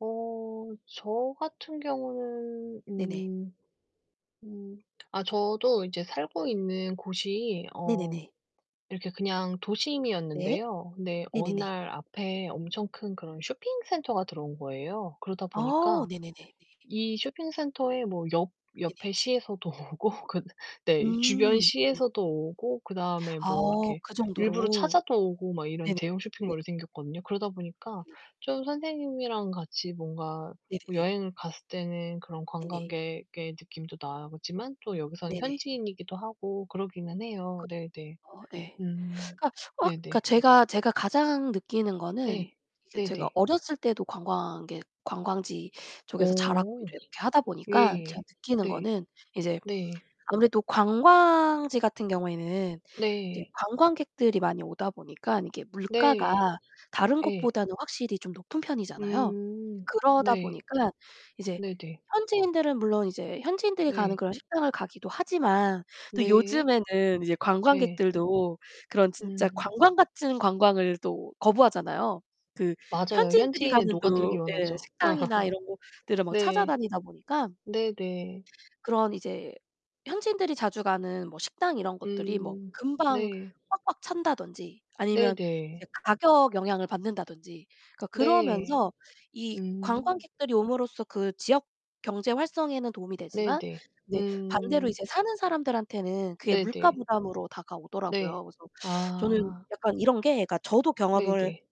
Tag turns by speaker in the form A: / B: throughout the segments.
A: 어. 저 같은 경우는
B: 네네.
A: 음. 음. 아, 저도 이제 살고 있는 곳이 어
B: 네네네.
A: 이렇게 그냥
B: 네.
A: 도심이었는데요. 근데 어느
B: 네네네.
A: 날 앞에 엄청 큰 그런 쇼핑 센터가 들어온 거예요. 그러다
B: 아
A: 보니까
B: 네네네 네.
A: 이 쇼핑 센터에 뭐 옆
B: 네네.
A: 옆에 시에서도 오고 그
B: 음
A: 네, 주변
B: 음음.
A: 시에서도 오고 그다음에 뭐
B: 아
A: 이렇게
B: 그
A: 일부러
B: 정도로.
A: 찾아도 오고 막 이런
B: 네.
A: 대형
B: 네.
A: 쇼핑몰이 생겼거든요. 그러다 보니까
B: 네.
A: 좀 선생님이랑 같이 뭔가 뭐
B: 네네네.
A: 여행을 갔을 때는 그런
B: 네네.
A: 관광객의 느낌도 나지만 또 여기서는
B: 네네.
A: 현지인이기도 하고 그러기는 해요.
B: 그
A: 네네.
B: 어, 예.
A: 음.
B: 그러니까 악
A: 네네.
B: 제가 제가 가장 느끼는 거는
A: 네.
B: 이게 제가
A: 네네.
B: 어렸을 때도 관광객 관광지 쪽에서 자랐고
A: 어.
B: 이렇게 하다 보니까 제가
A: 예예.
B: 느끼는
A: 네.
B: 거는 이제
A: 네.
B: 아무래도 관광지 같은 경우에는 이제
A: 네.
B: 관광객들이 많이 오다 보니깐 이게
A: 네.
B: 물가가 다른
A: 예.
B: 곳보다는 확실히 좀 높은 편이잖아요.
A: 음.
B: 그러다
A: 네.
B: 보니까 이제
A: 네네.
B: 현지인들은 물론 이제 현지인들이 가는
A: 네.
B: 그런 식당을 가기도 하지만 또
A: 네.
B: 요즘에는 이제
A: 예.
B: 관광객들도 그런 진짜
A: 음.
B: 관광 같은 관광을 또 거부하잖아요. 그
A: 맞아요.
B: 현지인들이
A: 현지인에
B: 가는
A: 녹아들기
B: 또 예
A: 원하죠..
B: 식당이나 이런 곳들을 막
A: 네.
B: 찾아다니다 보니까
A: 네네.
B: 그런 이제 현지인들이 자주 가는 뭐 식당 이런 것들이 뭐
A: 음.
B: 금방
A: 네.
B: 꽉꽉 찬다든지. 아니면
A: 네네.
B: 이제 가격 영향을 받는다든지. 그러니까
A: 네.
B: 그러면서 이
A: 음.
B: 관광객들이 옴으로써 그 지역 경제 활성에는 도움이 되지만
A: 네네.
B: 근데 반대로
A: 음.
B: 이제 사는 사람들한테는 그게 물가
A: 네네.
B: 부담으로
A: 네.
B: 다가오더라고요. 그래서 저는
A: 아.
B: 약간 이런 게 그러니까 저도 경험을
A: 네네.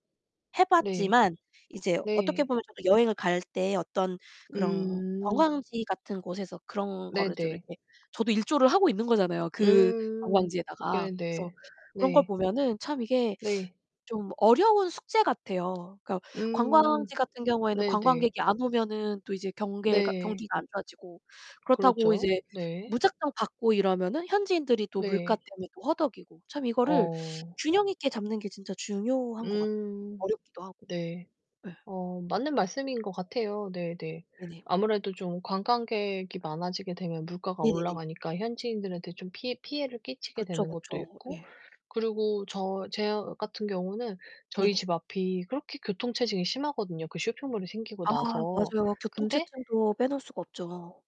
B: 해
A: 네.
B: 봤지만 이제 어떻게
A: 네.
B: 보면 저도 여행을 갈 때 어떤 그런
A: 음.
B: 관광지 같은 곳에서 그런 거를 좀
A: 네네.
B: 이렇게 저도 일조를 하고 있는 거잖아요, 그
A: 음.
B: 관광지에다가. 그래서
A: 네네.
B: 그런 걸
A: 네.
B: 보면은 참 이게
A: 네.
B: 좀 어려운 숙제 같아요. 그러니까
A: 음.
B: 관광지 같은 경우에는
A: 네네.
B: 관광객이 안 오면은 또 이제 경계가
A: 네.
B: 경기가 안 좋아지고. 그렇다고
A: 그렇죠.
B: 이제
A: 네.
B: 무작정 받고 이러면은 현지인들이 또 물가
A: 네.
B: 때문에 또 허덕이고. 참 이거를
A: 어.
B: 균형 있게 잡는 게 진짜 중요한 것 같
A: 음.
B: 어렵기도 하고.
A: 네.
B: 예.
A: 어 맞는 말씀인 것 같아요. 네네.
B: 네네.
A: 아무래도 좀 관광객이 많아지게 되면 물가가
B: 네네네.
A: 올라가니까 현지인들한테 좀 피해 피해를 끼치게
B: 그쵸
A: 되는 것도
B: 그쵸.
A: 있고.
B: 예.
A: 그리고 저 제 같은 경우는 저희
B: 네네.
A: 집 앞이 그렇게 교통체증이 심하거든요, 그 쇼핑몰이 생기고
B: 아,
A: 나서.
B: 맞아요.
A: 근데
B: 교통체증도 빼놓을 수가 없죠.